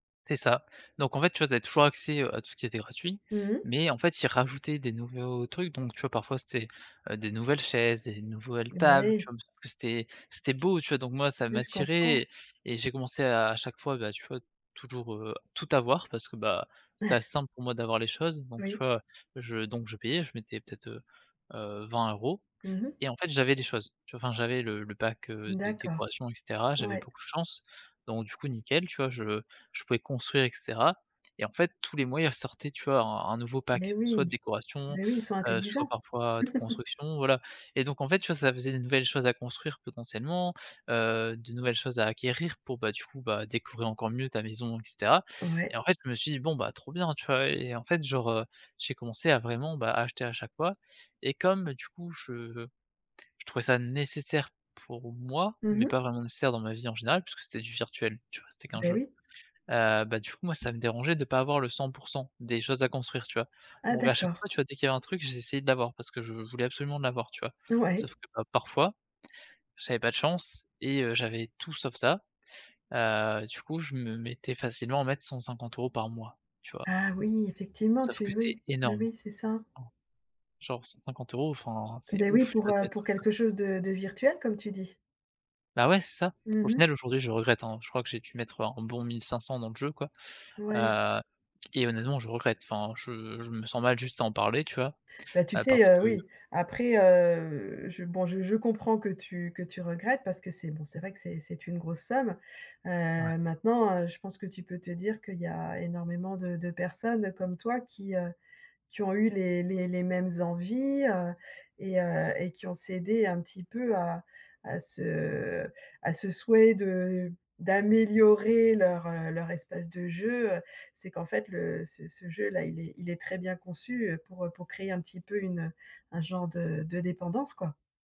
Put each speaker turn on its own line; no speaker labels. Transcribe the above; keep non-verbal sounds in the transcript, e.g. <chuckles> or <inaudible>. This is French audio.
C'est ça, donc en fait, tu vois? Tu avais toujours accès, heu, à tout ce qui était gratuit,
Mmh.
mais en fait ils rajoutaient des nouveaux trucs, donc tu vois? Parfois c'était, heu, des nouvelles chaises, des nouvelles tables,
Ouais.
tu vois? C'était c'était beau tu vois? Donc moi ça
Ouais. Je comprend.
m'attirait et j'ai commencé à chaque fois, bah, tu vois? Toujours, heu, tout avoir parce que bah, c'était
<chuckles>
assez simple pour moi d'avoir les choses, donc tu
Oui.
vois? Je donc je payais, je mettais peut-être, heu heu, 20 €
Mmh mh.
et en fait j'avais les choses, tu vois? Enfin j'avais le le pack, heu, de
D'accord.
décoration et cetera. J'avais
Ouais.
beaucoup de chance, donc du coup nickel, tu vois? Je je pouvais construire, et cetera, et en fait tous les mois il ressortait, tu vois? Un un nouveau
Mais
pack, soit
oui,
décoration,
bah oui, ils sont
heu, soit
intelligents.
parfois de
<chuckles>
construction, voilà, et donc en fait, tu vois? Ça faisait de nouvelles choses à construire potentiellement, heu, de nouvelles choses à acquérir pour, bah, du coup bah décorer encore mieux ta maison, et cetera, et
Ouais.
en fait je me suis dit: «Bon bah trop bien» tu vois? Et en fait, genre, heu, j'ai commencé à vraiment, bah, acheter à chaque fois, et comme du coup, je je trouvais ça nécessaire pour moi,
Mmh
mais
mh.
pas vraiment nécessaire dans ma vie en général, puisque c'était du virtuel, tu vois? C'était qu'un
Beh,
jeu,
oui.
heu, bah, du coup moi ça me dérangeait de pas avoir le 100 % des choses à construire, tu vois?
Ah,
Donc à chaque fois,
d'accord.
tu vois? Dès qu'il y avait un truc, j'essayais de l'avoir, parce que je voulais absolument l'avoir, tu vois?
Ouais.
Sauf que, bah, parfois, j'avais pas de chance et heu, j'avais tout sauf ça, heu, du coup je me mettais facilement à mettre 150 € par mois, tu vois?
Ah, oui, effectivement,
Sauf
tu
que
<unintelligible>
c'est
oui, oui,
énorme.
oui, c'est ça.
En genre 150 € enfin c'est
Beh, oui,
ouf, tu
pour,
vois? De
heu,
mettre
pour
ça!
quelque chose de de virtuel, comme tu dis.
Bah, ouais c'est ça,
Mmh
au
mh.
final aujourd'hui je regrette, hein. Je crois que j'ai dû mettre un bon 1 500 dans le jeu quoi,
Ouais.
heu, et honnêtement je regrette, enfin je je me sens mal juste à en parler, tu vois?
Bah, tu
Heu,
sais,
parce
heu,
que
oui, après, heu, je bon je je comprends que tu que tu regrettes, parce que c'est bon c'est vrai que c'est c'est une grosse somme,
Ouais.
heu, maintenant, heu, je pense que tu peux te dire qu'il y a énormément de de personnes comme toi. Qui, heu, qui ont eu les les les mêmes envies, heu, et heu, et qui ont cédé un petit peu à à ce à ce souhait de d'améliorer leur, heu, leur espace de jeu. Heu, c'est qu'en fait, le ce ce jeu-là, il est il est très bien conçu, heu, pour, heu, pour créer un petit peu une, heu, un genre de de dépendance, quoi.